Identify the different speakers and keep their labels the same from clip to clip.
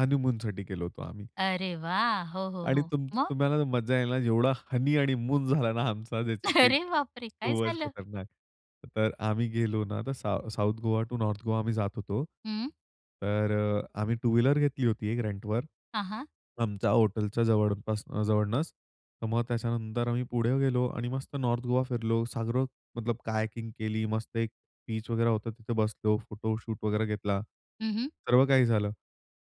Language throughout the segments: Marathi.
Speaker 1: हनीमूनसाठी गेलो होतो आम्ही.
Speaker 2: अरे वाह! हो, हो,
Speaker 1: आणि
Speaker 2: हो.
Speaker 1: तुम
Speaker 2: मग?
Speaker 1: तुम्हाला ना मजा येईला ना जेवढा हनी आणि मून झाला ना आमचा, त्याची काही
Speaker 2: अरे बापरे! काय
Speaker 1: खूपच
Speaker 2: झालं?
Speaker 1: खतरनाक. तर आम्ही गेलो ना तर साउ South Goa to North Goa आम्ही जात होतो.
Speaker 2: हं.
Speaker 1: तर अ, आम्ही टू व्हीलर घेतली होती एक रेंटवर.
Speaker 2: हां, हां.
Speaker 1: आमच्या हॉटेलच्या जवळपास अ, जवळूनच. तर मग त्याच्यानंतर आम्ही पुढे गेलो आणि मस्त नॉर्थ गोवा फिरलो. सागरो मतलब हायकिंग केली. मस्त एक बीच वगैरे होतं तिथे बसलो. फोटोशूट वगैरे घेतला.
Speaker 2: हं, हं.
Speaker 1: सर्व काही झालं.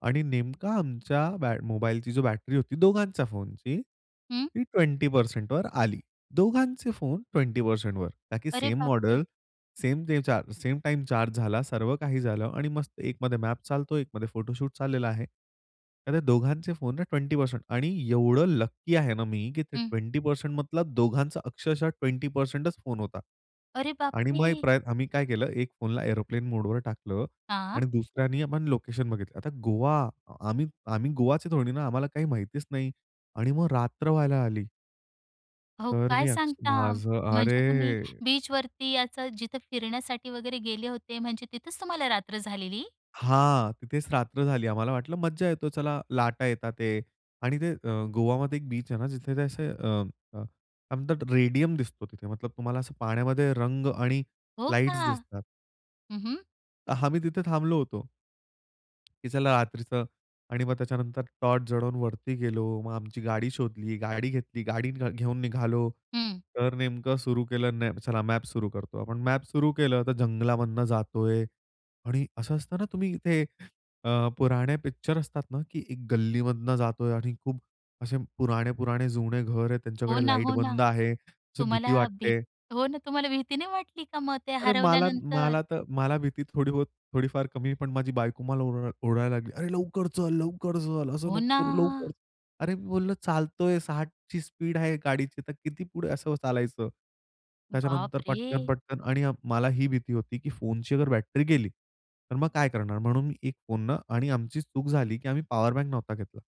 Speaker 1: आणि नेमका आमच्या बॅट मोबाईलची जो बॅटरी होती दोघांच्या फोनची
Speaker 2: हं.
Speaker 1: ती 20%वर आली. दोघांचे फोन 20%वर का की
Speaker 2: अरे
Speaker 1: सेम
Speaker 2: बापरे!
Speaker 1: मॉडेल, सेम ते चा सेम टाईम चार्ज झाला. सर्व काही झालं आणि मस्त एकमध्ये मॅप चालतो. एकमध्ये फोटोशूट चाललेला आहे. तर ते दोघांचे फोन ना 20% आणि एवढं लकी आहे ना मी, की ते
Speaker 2: हं.
Speaker 1: ट्वेंटी पर्सेंट मतलब दोघांचा अक्षरशः 20%च फोन होता
Speaker 2: अरे
Speaker 1: आणि मग एक
Speaker 2: बापरे!
Speaker 1: प्रयत्न, आम्ही काय केलं, एक फोनला एअरोप्लेन मोडवर टाकलं
Speaker 2: हां.
Speaker 1: आणि दुसऱ्याने आपण लोकेशन बघितलं. आता गोवा आम्ही आम्ही गोवाचे थोडे ना. आम्हाला काही माहितीच नाही आणि मग रात्र व्हायला आली.
Speaker 2: अहो
Speaker 1: तर
Speaker 2: काय
Speaker 1: मी अक्ष
Speaker 2: सांगता?
Speaker 1: माझं,
Speaker 2: म्हणजे
Speaker 1: अरे,
Speaker 2: तुम्ही बीचवरती याचं जिथं फिरण्यासाठी वगैरे गेले होते म्हणजे तिथेच तुम्हाला रात्र झालेली?
Speaker 1: हां, तिथेच रात्र झाली. आम्हाला वाटलं मज्जा येतो. चला लाटा येत आहे आणि ते अ, गोवामध्ये एक बीच आहे ना जिथे ते असे अ, अ, काय म्हणतात रेडियम दिसतो तिथे. मतलब तुम्हाला असं पाण्यामध्ये रंग आणि
Speaker 2: हो का?
Speaker 1: लाईट्स दिसतात.
Speaker 2: हं, हं.
Speaker 1: अ, आम्ही तिथे थांबलो होतो. की चला रात्रीचं आणि मग त्याच्यानंतर टॉर्च जळवून वरती गेलो. मग आमची गाडी शोधली, गाडी घेतली. गाडी घ घेऊन निघालो.
Speaker 2: हं.
Speaker 1: तर नेमकं सुरू केलं न चला मॅप सुरू करतो. आपण मॅप सुरू केलं तर जंगलामधून जातो आहे आणि असं असतं ना, तुम्ही इथे अ, पुराणे पिक्चर असतात ना, की एक गल्लीमधनं जातो आहे आणि खूप असे पुराणे, पुराणे जुने घर आहेत.
Speaker 2: हो
Speaker 1: त्यांच्याकडे
Speaker 2: ना,
Speaker 1: लाईट
Speaker 2: हो ना.
Speaker 1: बंदं आहे. अशी भीती
Speaker 2: तुम्हाला
Speaker 1: वाटत
Speaker 2: भीत
Speaker 1: आहे.
Speaker 2: हो ना, तुम्हाला भीती नाही वाटली का मग ते
Speaker 1: अरे, मला, मला
Speaker 2: हरवल्यानंतर?
Speaker 1: त मला भीती थोडी बहुत, थोडीफार कमी पण माझी बायको मला ओर ओरडायला लागली. "अरे लवकर चल, लवकर चल, असं
Speaker 2: हो
Speaker 1: नको करू लवकर."
Speaker 2: ना.
Speaker 1: अरे मी बोललं, "चालत आहे 60ची स्पीड आहे गाडीची, तर किती पुढे असं चालायचं?" त्याच्यानंतर पटकन,
Speaker 2: बापरे!
Speaker 1: पटकन आणि अ, मला ही भीती होती, की फोनची अगर बॅटरी गेली, तर मग काय करणार? म्हणून मी एक फोन न आणि आमची चूक झाली की आम्ही पॉवरबँक नव्हता घेतला.